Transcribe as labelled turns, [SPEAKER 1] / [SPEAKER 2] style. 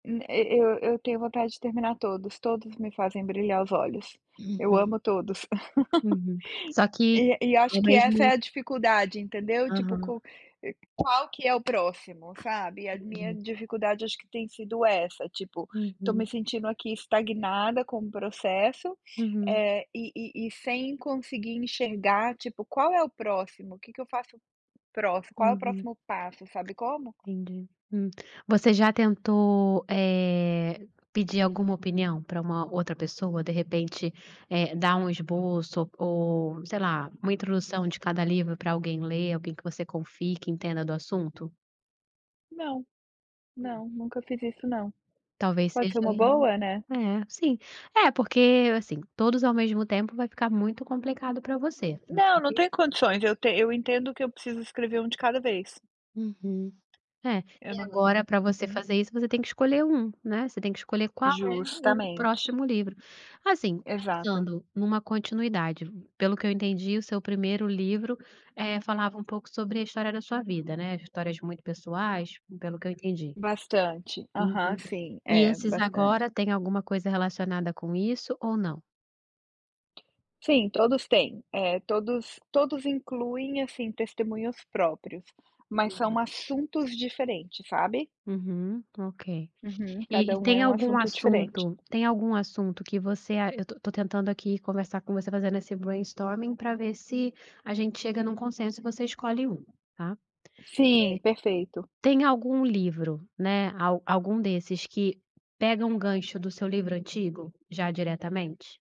[SPEAKER 1] Hum, e e eu eu tenho vontade de terminar todos. Todos me fazem brilhar os olhos, eu
[SPEAKER 2] Uhum.
[SPEAKER 1] amo todos.
[SPEAKER 2] Uhum. Só que,
[SPEAKER 1] E e acho
[SPEAKER 2] ao
[SPEAKER 1] que essa é
[SPEAKER 2] mesmo
[SPEAKER 1] a dificuldade, entendeu, tipo,
[SPEAKER 2] Aham.
[SPEAKER 1] co qual que é o próximo? Sabe, e a minha
[SPEAKER 2] Entendi.
[SPEAKER 1] dificuldade acho que tem sido essa, tipo, estou me
[SPEAKER 2] Uhum.
[SPEAKER 1] sentindo aqui estagnada com o processo,
[SPEAKER 2] Uhum.
[SPEAKER 1] eh, e e e sem conseguir enxergar, tipo: "Qual é o próximo? Que que eu faço com o próximo? Qual é o
[SPEAKER 2] Uhum.
[SPEAKER 1] próximo passo?". Sabe como?
[SPEAKER 2] Entendi, hum. Você já tentou, eh, pedir alguma opinião para uma outra pessoa, de repente, eh, dar um esboço ou sei lá, uma introdução de cada livro para alguém ler, alguém que você confie que entenda do assunto?
[SPEAKER 1] Não, não, nunca fiz isso não.
[SPEAKER 2] Talvez
[SPEAKER 1] Pode
[SPEAKER 2] seja
[SPEAKER 1] ser uma
[SPEAKER 2] aí
[SPEAKER 1] boa, né.
[SPEAKER 2] é, sim. É, porque, assim, todos ao mesmo tempo vai ficar muito complicado para você, você
[SPEAKER 1] Não,
[SPEAKER 2] tem
[SPEAKER 1] não
[SPEAKER 2] que
[SPEAKER 1] tenho condições, eu te eu entendo que eu preciso escrever 1 de cada vez.
[SPEAKER 2] Uhum. É,
[SPEAKER 1] Eu
[SPEAKER 2] e
[SPEAKER 1] não hum.
[SPEAKER 2] agora para você
[SPEAKER 1] Uhum.
[SPEAKER 2] fazer isso você tem que escolher 1, né. Você tem que escolher qual é o
[SPEAKER 1] Justamente.
[SPEAKER 2] próximo livro. Assim,
[SPEAKER 1] Exato.
[SPEAKER 2] pensando numa continuidade, pelo que eu entendi, o seu primeiro livro, eh, falava um pouco sobre a história da sua vida, né, histórias muito pessoais, pelo que eu entendi.
[SPEAKER 1] Bastante. Aham,
[SPEAKER 2] Uhum.
[SPEAKER 1] sim,
[SPEAKER 2] E
[SPEAKER 1] é,
[SPEAKER 2] esses
[SPEAKER 1] bastante.
[SPEAKER 2] agora tem alguma coisa relacionada com isso ou não?
[SPEAKER 1] Sim, todos têm. É, todos todos incluem, assim, testemunhos próprios, mas são
[SPEAKER 2] Hum.
[SPEAKER 1] assuntos diferentes, sabe?
[SPEAKER 2] Uhum, ok.
[SPEAKER 1] Uhum.
[SPEAKER 2] E
[SPEAKER 1] Cada
[SPEAKER 2] e
[SPEAKER 1] um é
[SPEAKER 2] tem
[SPEAKER 1] um
[SPEAKER 2] algum
[SPEAKER 1] assunto diferente.
[SPEAKER 2] assunto tem algum assunto que você ah, eu tô tô tentando aqui conversar com você, fazendo esse brainstorming para ver se a gente chega num consenso e você escolhe um, tá? Eh,
[SPEAKER 1] Sim, perfeito.
[SPEAKER 2] tem algum livro, né, a algum desses que pega um gancho do seu livro antigo, já diretamente?